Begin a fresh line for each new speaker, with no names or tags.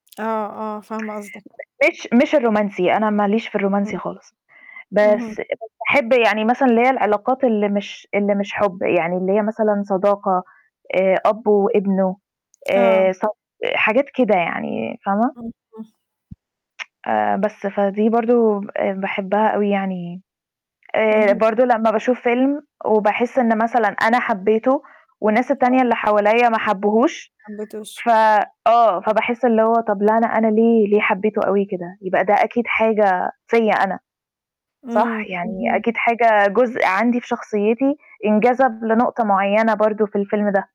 آه، آه، فاهمة قصدِك.
[unintelligible] مش مش الرومانسي، أنا ما ليش في الرومانسي
امم،
خالص.
اهم.
بس [unintelligible] باحب يعني مثلًا اللي هي العلاقات اللي مش اللي مش حُب، يعني اللي هي مثلًا صداقة آآ أب وابنه،
آه.
آآ ص حاجات كده يعني فاهمة؟
[unintelligible]
آآ بس، فدي برضه آآ باحبها أوي يعني، آآ
أها.
برضه لمّا باشوف فيلم وباحس إن مثلًا أنا حبّيته والناس
آه.
التانية اللي حواليّا ما حبّوهوش،
حبّيتوش.
ف آه، فباحس اللي هو طَب لأ، أنا أنا ليه ليه حبّيته أوي كده؟ يبقى ده أكيد حاجة فيّا أنا، صح؟
إمم،
يعني
اهم.
أكيد حاجة جزء عندي في شخصيتي انجذب لنقطة معيّنة برضه في الفيلم ده.